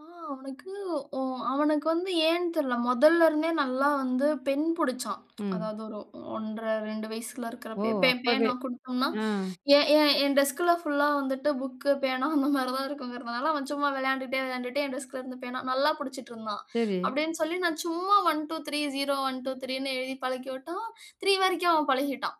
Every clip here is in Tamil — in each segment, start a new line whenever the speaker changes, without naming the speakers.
ஆ அவனுக்கு ஒ அவனுக்கு வந்து ஏன்னு தெரில்ல. மொதல்ல இருந்தே நல்லா வந்து பெண் புடிச்சான்.
ம்.
அதாது ஒரு 1.5, 2 வயசுல
ஓ!
இருக்கிறப்பயே பே
அப்போவே
பேனா கொடுத்தோம்னா
ஆ.
என் என் டெஸ்க்ல ஃபுல்லா வந்துட்டு புக், பேனா அந்த மாரி தான் இருக்குங்கறதால அவன் சும்மா விளையான்டுட்டே விளையான்டுட்டே என் டெஸ்க்குல இருந்து பேனா நல்லா பிடிச்சுட்டு இருந்தான்.
சரி.
அப்டினு சொல்லி நான் சும்மா 1, 2, 3, 0, 1, 2, 3னு எழுதி பழகிவிட்டா. 3 வரைக்கும் அவன் பழகிட்டான்.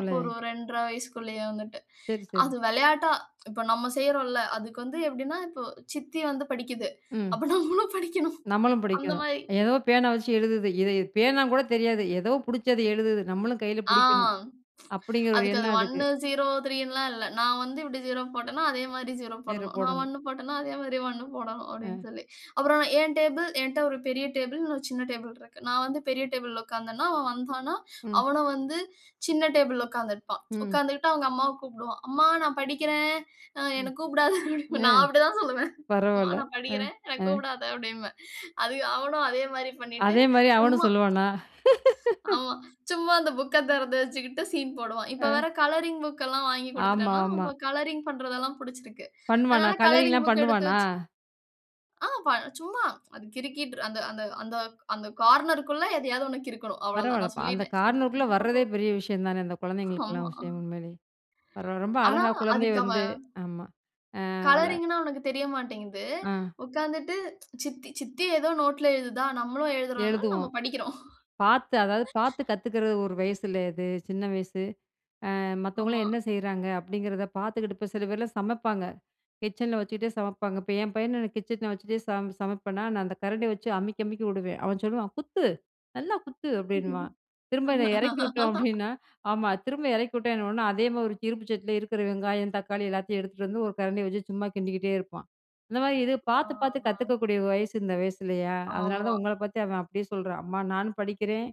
அப்போ ஒரு 2.5 வயசுற்குள்ளயே வந்துட்டு.
சரி, சரி.
அது விளையாட்டா இப்ப நம்ம செய்றோம்ல. அதுக்கு வந்து எப்படினா இப்போ சித்தி வந்து படிக்குது.
ம்.
அப்ப நம்மலும் படிக்கணும்.
நம்மளும்
அந்த
படிக்கணும்.
மாரி
ஏதோ பேனா வச்சு எழுதுது. "இத பேனா கூட தெரியாது ஏதோ பிடிச்சது எழுதுது நம்மளும் கையில
ஆ.
பிடிக்கணும்" அப்டிங்கிற ஒரு
அதுக்கு அது
எண்ணம் அதுக்கு.
1, 0 ,3னுலாம் இல்ல. நான் வந்து இப்படி 0 போட்டேன்னா அதே மாரி 0
நேர
போடணும். நான்
போடணும்.
1 போட்டேன்னா அதே மாரி 1 போடணும் அப்டின்னு
ஆ.
சொல்லி அப்புறம் நான் என் டேபிள் என்ட்ட ஒரு பெரிய டேபிள், இன்னும் சின்ன டேபிள் இருக்கு. நான் வந்து பெரிய டேபிள்ல உட்கார்ந்தனா அவன் வந்து
ம்.
அவனும் வந்து சின்ன டேபிள்ல உட்கார்ந்திருப்பான்.
ம்.
உட்கார்ந்துகிட்டு அவங்க அம்மாவ கூப்பிடுவான். அம்மா நான் படிக்கிறேன் அ என்ன
ம்.
கூப்பிடாதே.
அ
நான் அப்டி தான் சொல்லுவேன். அம்மா
பரவால்ல.
நான்
ஆ,
படிக்கிறேன் என்ன
ஆ.
கூப்பிடாதே அப்டின்பேன். அவனும் அதே மாரி பண்ணிட்டு
அதே மாரி அவனும்
சும்மா.
சொல்லுவானா?
ஆமா. சும்மா அந்த புக்க திறந்து வெச்சுகிட்டு சீன் போடுவான். இப்ப
ஆ.
வேற கலரிங் புக் எல்லாம் வாங்கி
ஆமா,
கொடுத்துவிட்டேனா
ஆமா.
கலரிங் பண்ணுறதெல்லாம் பிடிசசிருக்கு.
பண்ணுவானா?
அதனால கலரிங்
கலரிங்லாம்
புக் எடுத்து
பண்ணுவானா?
வெச்சு ஆ சும்மா அது கிறுகிட்டு அந்த அந்த அந்த அந்த கார்னர்க்குள்ள எதையாவது ஒன்னு கிறுக்கணும். அவ்வளவுதான் நான்
பரவால்லப்பா. அந்த
சொல்லிட்டேன்.
கார்னருக்குள்ள வரதே பெரிய விஷயம் தானே. அந்த குழந்தைங்களுக்கெல்லாம்
ஆமா.
விஷயம் உண்மேலே பரவா ரொம்ப
ஆனா
அழகா குழந்தை
அதுக்கு
வந்து
அவன்
ஆமா. அ [unintelligible]
கலரிங்னா உனக்கு தெரிய மாட்டேங்குது.
ஆ
உட்கார்ந்துட்டு சித்தி சித்தி ஏதோ நோட்ல எழுதுதா. நம்மலும் எழுதுறோம்னா நம்ம
எழுதுவோம்
படிக்கிறோம்.
பார்த்து அதாது பார்த்து கத்துக்கிறது ஒரு வயசுல அது, சின்ன வயசு. ஆ மத்தவங்கலாம்
ஆமா.
என்ன செய்றாங்க? அப்டிங்கிறத பார்த்துக்கிட்டு இப்ப சில பேர்லாம் சமைப்பாங்க. கிச்சனில வச்சுக்கிட்டே சமைப்பாங்க. இப்ப என் பையன் எனக்கு கிச்சனில வச்சுகிட்டே சமை சமைப்பேனா நான் அந்த கரண்டியை வச்சு அமுக்கி அமுக்கி விடுவேன். அவன் சொல்லுவான், "குத்து, நல்லா குத்து." அப்டின்னுவான்
ம்.
திரும்ப என்ன இறக்கி விட்டோம் அப்டின்னா, ஆமா திரும்ப இறக்கி விட்டா என்ன உடனே அதே மாரி ஒரு இருப்பு சட்டில இருக்கிற வெங்காயம், தக்காளி எல்லாத்தையும் எடுத்துகிட்டு வந்து ஒரு கரண்டிய வச்சு சும்மா கிண்டிக்கிட்டே இருப்பான். அந்த மாரி இது
அ
பார்த்து பார்த்து
ஆ.
கத்துக்கக்கூடிய வயசு இந்த வயசுல்லையா? அதனால தான்
ஆமா.
உங்கள பார்த்து அவன் அப்டியே சொல்றான். அம்மா நானும் படிக்கிறேன்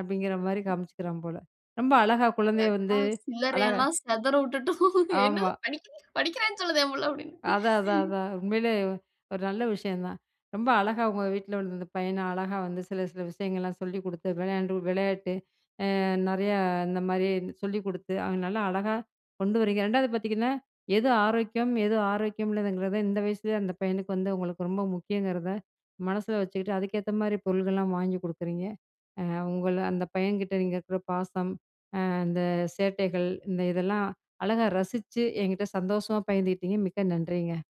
அப்டிங்கிற மாரி காமிச்சிக்கிறான் போல. ரொம்ப அழகா
என்
குழந்தையை வந்து
அக்கா சில்லறைய
அழகா
எல்லாம் சிதற விட்டுட்டோம். "என்னது
ஆமா.
படிக்கிறேன்னு சொல்லுதே என் பிள்ள." அப்டின்னு.
அதான். அதான். அதான். உண்மையிலே ஒரு நல்ல விஷயம் தான். ரொம்ப அழகா உங்க வீட்ல உள்ள இந்த பையன அழகா வந்து சில சில விஷயங்கள்லாம் சொல்லிக் குடுத்து விளையாண்டு விளையாட்டு. அ நிறைய இந்த மாரி சொல்லிக் குடுத்து அவங்க நல்லா அழகா கொண்டு வரீங்க. 2ஆவது பார்த்தீங்கன்னா, "எது ஆரோக்கியம்? எது ஆரோக்கியம் இல்லங்கிறத?" இந்த வயசுலேயே அந்த பையனுக்கு வந்து உங்களுக்கு ரொம்ப முக்கியங்கிறத மனசில வச்சுக்கிட்டு அதுக்கேத்த மாரி பொருட்கள்லாம் வாங்கி கொடுக்குறீங்க. உங்கள அந்த பையன்கிட்ட நீங்க இருக்கிற பாசம், அந்த சேட்டைகள் இந்த இதெல்லாம் அழகா ரசிச்சு என்கிட்ட சந்தோஷமா பகிர்ந்துகிட்டிங்க. மிக்க நன்றிங்க.